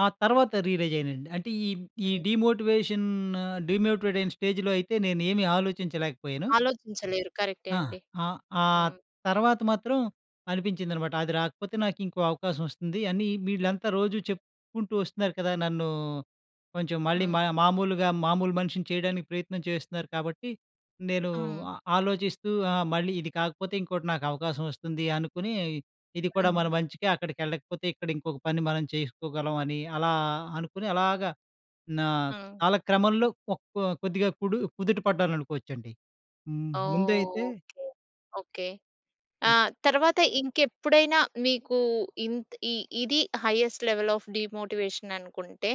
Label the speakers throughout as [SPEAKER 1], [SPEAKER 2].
[SPEAKER 1] ఆ తర్వాత రియలైజయ్యనండి. అంటే ఈ ఈ
[SPEAKER 2] హ్మ్.
[SPEAKER 1] డీమోటివేషను డీమోటివేటయిన స్టేజ్‌లో అయితే నేనేమి ఆలోచించలేకపోయను.
[SPEAKER 2] ఆలోచించలేరు. కరెక్టే
[SPEAKER 1] ఆ!
[SPEAKER 2] అండి.
[SPEAKER 1] ఆ! ఆ
[SPEAKER 2] హ్మ్.
[SPEAKER 1] తర్వాత మాత్రం అనిపించిందనమాట. అది రాకపోతే నాకు ఇంకో అవకాశం వస్తుంది అని వీళ్ళంతా రోజూ చెప్పుకుంటూ వస్తున్నారు కదా! నన్ను కొంచెం మళ్ళీ మ
[SPEAKER 2] హ్మ్.
[SPEAKER 1] మామూలుగా మామూలు మనిషిని చేయడానికి ప్రయత్నం చేస్తున్నారు. కాబట్టి నేను ఆ
[SPEAKER 2] హ్మ్.
[SPEAKER 1] ఆలోచిస్తూ ఆహ్, మళ్ళీ ఇది కాకపోతే ఇంకోటి నాకు అవకాశం వస్తుంది అనుకుని ఇది కూడా మన
[SPEAKER 2] హ్మ్.
[SPEAKER 1] మంచికే అక్కడికెళ్లకపోతే ఇక్కడ ఇంకొక పని మనం చేసుకోగలం అని అలా అనుకుని అలాగా నా
[SPEAKER 2] ఆ!
[SPEAKER 1] కాలక్రమంలో ఒక కొద్దిగా కుడు కుదుట పడ్డాననుకోవచ్చండి. హ్మ్. ముందైతే
[SPEAKER 2] ఓకే. ఓకే. ఆ!
[SPEAKER 1] ఆ!
[SPEAKER 2] తర్వాత ఇంకెప్పుడైనా మీకూ ఇంత్ ఈ ఇది హైయెస్ట్ లెవెల్ ఆఫ్ డీమోటివేషన్ అనుకుంటే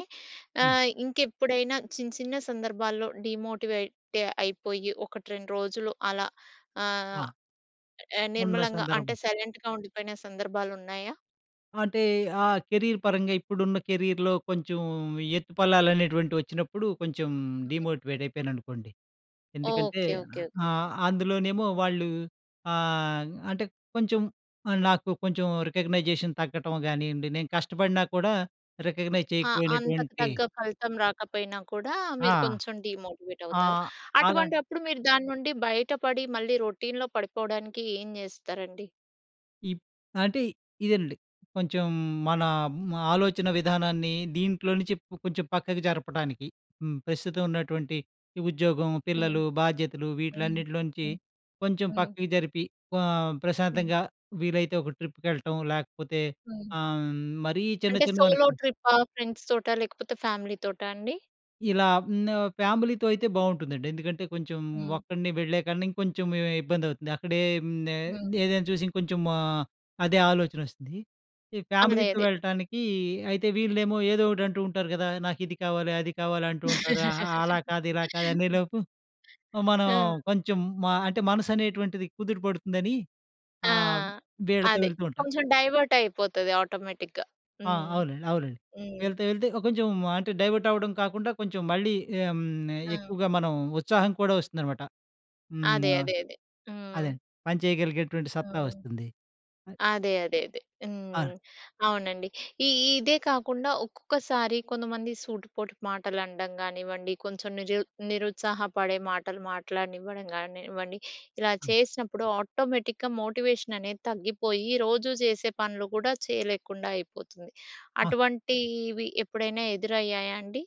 [SPEAKER 1] హ్మ్.
[SPEAKER 2] ఆహ్, ఇంకెప్పుడైనా చిన చిన సందర్భాల్లో డీమోటివేట్ అయిపోయి 1, 2 రోజులు అలా ఆహ్,
[SPEAKER 1] వా ఉన్న
[SPEAKER 2] నిమ్మలంగా అంటే
[SPEAKER 1] సందర్భం.
[SPEAKER 2] సైలెంట్‌గా ఉండిపోయిన సందర్భాలున్నాయా?
[SPEAKER 1] అంటే ఆ కెరీర్ పరంగా ఇప్పుడున్న కెరియర్‌లో కొంచెం ఎత్తుపల్లాలనేటువంటివచ్చినప్పుడు కొంచెం
[SPEAKER 2] హ్మ్.
[SPEAKER 1] డీమోటివేట్ అయిపోయాననుకోండి.
[SPEAKER 2] ఓకే.
[SPEAKER 1] ఎందుకంటే
[SPEAKER 2] ఓకే. ఓకే.
[SPEAKER 1] ఆహ్, అందులోనేమో వాళ్ళూ ఆహ్, అంటే కొంచెం నాకు కొంచెం రికగ్నైజేషన్ తగ్గటం గానియ్యండి నేను కష్టపడినా కూడా రికగ్నైజ్
[SPEAKER 2] ఆ! అంతకు
[SPEAKER 1] చేయకపోయినటువంటి
[SPEAKER 2] తగ్గ ఫలితం రాకపోయినా కూడా
[SPEAKER 1] ఆ!
[SPEAKER 2] మీరు కొంచెం
[SPEAKER 1] ఆ!
[SPEAKER 2] డీమోటివేటవుతారు.
[SPEAKER 1] ఆలన్
[SPEAKER 2] అటువంటప్పుడు మీరు దాన్నుండి బయటపడి మళ్ళీ రొటీన్‌లో పడిపోవడానికి ఏం జేస్తారండి?
[SPEAKER 1] ఈప్ అంటే ఇదేనండి. కొంచెం మన మ్ ఆలోచన విధానాన్ని దీంట్లో నుంచి ప్ కొంచెం పక్కకు జరపడానికి, హ్మ్. ప్రస్తుతం ఉన్నటువంటి ఈ ఉద్యోగం,
[SPEAKER 2] హ్మ్.
[SPEAKER 1] పిల్లలు, బాధ్యతలు
[SPEAKER 2] హ్మ్.
[SPEAKER 1] వీటిలన్నిటిలో నుంచి
[SPEAKER 2] హ్మ్.
[SPEAKER 1] కొంచెం
[SPEAKER 2] హ్మ్.
[SPEAKER 1] పక్కకి జరిపి ఆహ్,
[SPEAKER 2] హ్మ్.
[SPEAKER 1] ప్రశాంతంగా వీలైతే ఒక ట్రిప్‌కెళ్ళటం లేకపోతే
[SPEAKER 2] హ్మ్.
[SPEAKER 1] ఆహ్, మరీ చిన్న
[SPEAKER 2] అంటే సోలో
[SPEAKER 1] చిన్నవనుకో
[SPEAKER 2] ట్రిప్పా, ఫ్రెండ్స్‌తోటా? లేకపోతే ఫ్యామిలీ‌తోటా అండి?
[SPEAKER 1] ఇలా హ్మ్. ఫ్యామిలీతో అయితే బావుంటుందండి. ఎందుకంటే కొంచెం
[SPEAKER 2] హ్మ్.
[SPEAKER 1] ఒక్కడినే వెళ్ళేకన్నా ఇంకొంచెం ఇబ్బందవుతుంది. అక్కడేం నే
[SPEAKER 2] హ్మ్.
[SPEAKER 1] ఏదైనా చూసి ఇంకొంచెం ఆహ్, అదే ఆలోచనొస్తుంది. ఈ ఫ్యామిలీతో
[SPEAKER 2] అదేది.
[SPEAKER 1] వెళ్ళటానికి అయితే వీళ్ళేమో ఏదో ఒకటంటూంటారు గదా! నాకిది కావాలి అది కావాలి అంటూ ఉంటారు. ఆ! అలా కాదు ఇలా కాదు
[SPEAKER 2] హ్మ్.
[SPEAKER 1] అనేలోపు మనం
[SPEAKER 2] ఆ!
[SPEAKER 1] కొంచెం మ అంటే మనసనేటువంటిది కుదుటపడుతుందని
[SPEAKER 2] ఆ!
[SPEAKER 1] ఆ! వీళ్ళతో
[SPEAKER 2] అదే.
[SPEAKER 1] వెళ్తూంటా.
[SPEAKER 2] కొంచెం డైవర్టయిపోతది ఆటోమేటిక్‌గా
[SPEAKER 1] ఆ!
[SPEAKER 2] హ్మ్.
[SPEAKER 1] అవునండి. అవునండి.
[SPEAKER 2] హ్మ్.
[SPEAKER 1] వీళ్ళతో వెళ్తే కొంచెం అంటే డైవర్టవ్వడం కాకుండా కొంచెం మళ్ళీ ఆహ్, హ్మ్. నే
[SPEAKER 2] ఆ!
[SPEAKER 1] ఎక్కువగా మనం ఉత్సాహం కూడా వస్తుందనమాట. హ్మ్.
[SPEAKER 2] అదే,
[SPEAKER 1] ఆ!
[SPEAKER 2] అదే, అదే. హ్మ్.
[SPEAKER 1] అదండి. పనిచేయగలిగేటటువంటి సత్తా
[SPEAKER 2] హ్మ్.
[SPEAKER 1] వస్తుంది. అ!
[SPEAKER 2] అదే, అదే, అదే.
[SPEAKER 1] ఆ!
[SPEAKER 2] హ్మ్. అవునండి. ఈ ఇదే కాకుండా ఒక్కొక్కసారి కొంతమంది సూటిపోటి మాటలనడం గానివ్వండి కొంచెం నిజూ నిరుత్సాహపడే మాటలు మాట్లాడనివ్వడం గానివ్వండి ఇలా చేసినప్పుడు ఆటోమేటిక్‌గా మోటివేషననేది తగ్గిపోయి రోజూ జేసే పనులు కూడా చేయలేకుండా అయిపోతుంది.
[SPEAKER 1] ఆ!
[SPEAKER 2] అటువంటివి ఎప్పుడైనా ఎదురయ్యాయా అండి?